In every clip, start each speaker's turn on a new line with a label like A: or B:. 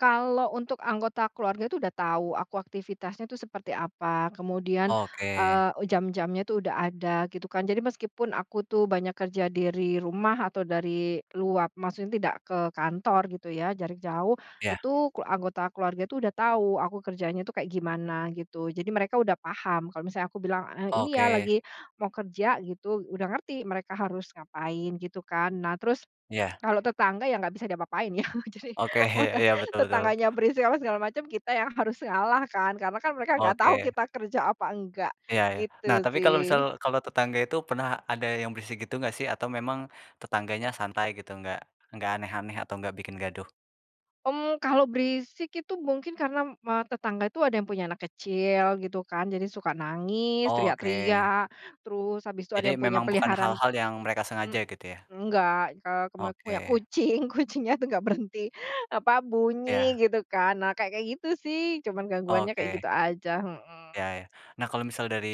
A: Kalau untuk anggota keluarga itu udah tahu, aku aktivitasnya tuh seperti apa kemudian,
B: Oke.
A: eee, jam-jamnya tuh udah ada gitu kan. Jadi meskipun aku tuh banyak kerja dari rumah atau dari luar, maksudnya tidak ke kantor gitu ya, jarak jauh,
B: Iya.
A: itu ku anggota keluarga itu udah tahu aku kerjanya itu kayak gimana gitu. Jadi mereka udah paham kalau misalnya aku bilang, eee, "Ini ya
B: Oke.
A: lagi mau kerja," gitu udah ngerti mereka harus ngapain, gitu kan. Nah terus
B: Iya.
A: kalau tetangga ya nggak bisa diapa-apain ya, jadi
B: Oke, iya
A: waktu
B: iya. Betul betul.
A: tetangganya berisik, apa segala macam, kita yang harus ngalah kan karena kan mereka nggak tahu
B: Oke.
A: kita kerja apa, enggak
B: Iya iya. Nah
A: gitu
B: tapi kalau misal
A: sih.
B: kalau tetangga itu pernah ada yang berisik gitu enggak sih atau memang tetangganya santai gitu enggak enggak aneh-aneh atau enggak bikin gaduh?
A: Hmm, kalau berisik itu mungkin karena me tetangga itu ada yang punya anak kecil, gitu kan, jadi suka nangis,
B: Oke.
A: teriak-teriak, terus habis itu ada
B: Jadi
A: yang punya
B: memang bukan
A: peliharaan
B: hal-hal yang mereka
A: hmm.
B: sengaja gitu iya?
A: Enggak, eee, keme punya
B: Oke.
A: kucing, kucingnya tuh nggak berhenti apa, bunyi
B: Iya.
A: gitu kan. Nah kayak kayak gitu sih, cuman gangguannya kayak
B: Oke.
A: gitu aja.
B: Iya
A: Heeh.
B: iya. Nah kalau misal dari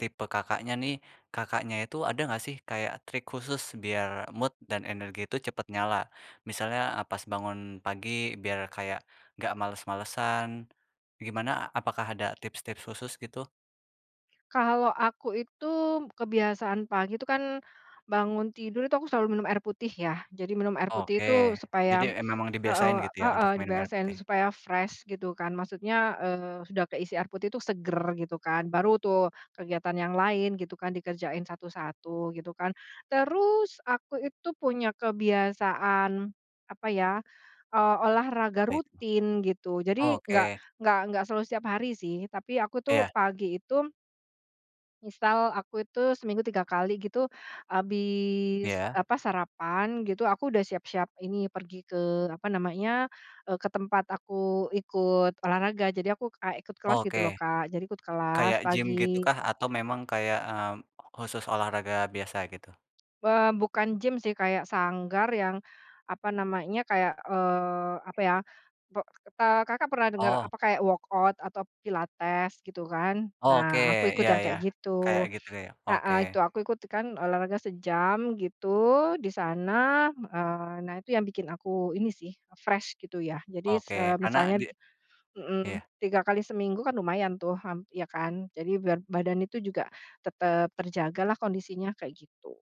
B: tipe Kakaknya nih, Kakaknya itu ada enggak sih kayak trik khusus biar mood dan energi itu cepet nyala? Misalnya, eee, pas bangun pagi biar kayak enggak males-malesan. Gimana? Apakah ada tips-tips khusus gitu?
A: Kalau aku itu, kebiasaan pagi itu kan bangun tidur, itu aku selalu minum air putih ya, jadi minum air putih
B: Oke,
A: itu
B: jadi
A: supaya
B: emang emang dibiasain
A: heeh
B: gitu ya untuk
A: heeh,
B: minum air
A: dibiasain
B: putih.
A: supaya fresh gitu kan, maksudnya, eee, sudah keisi air putih itu seger gitu kan. Baru tuh kegiatan yang lain gitu kan dikerjain satu-satu gitu kan. Terus aku itu punya kebiasaan apa ya, eee, olahraga
B: Baik.
A: rutin gitu, jadi enggak
B: Oke.
A: enggak enggak selalu setiap hari sih. Tapi aku tuh
B: Iya.
A: pagi itu misal aku itu seminggu 3 kali gitu, habis
B: Iya.
A: apa, sarapan gitu aku udah siap-siap ini pergi ke apa namanya, eee, ke tempat aku ikut olahraga, jadi aku kayak ikut kelas gitu
B: Oke.
A: loh Kak, jadi ikut kelas
B: Kayak gym gitu
A: pagi.
B: kah atau memang kayak, eee, khusus olahraga biasa gitu?
A: Eee, bukan gym sih, kayak sanggar yang apa namanya, kayak, eee, apa ya, pe Kakak pernah denger
B: Oh.
A: apa, kayak workout atau pilates gitu kan.
B: Oke,
A: Nah aku ikut
B: iya
A: yang
B: iya
A: kayak gitu,
B: kayak gitu ya. Oke.
A: heeh, itu aku ikut kan olahraga sejam gitu di sana. Eee, nah itu yang bikin aku ini sih, fresh gitu ya, jadi s
B: Oke,
A: eee,
B: karena
A: misalnya
B: di
A: mhm,
B: iya.
A: 3 kali seminggu kan lumayan tuh, hmm, ya kan, jadi biar badan itu juga tetap terjaga lah kondisinya kayak gitu.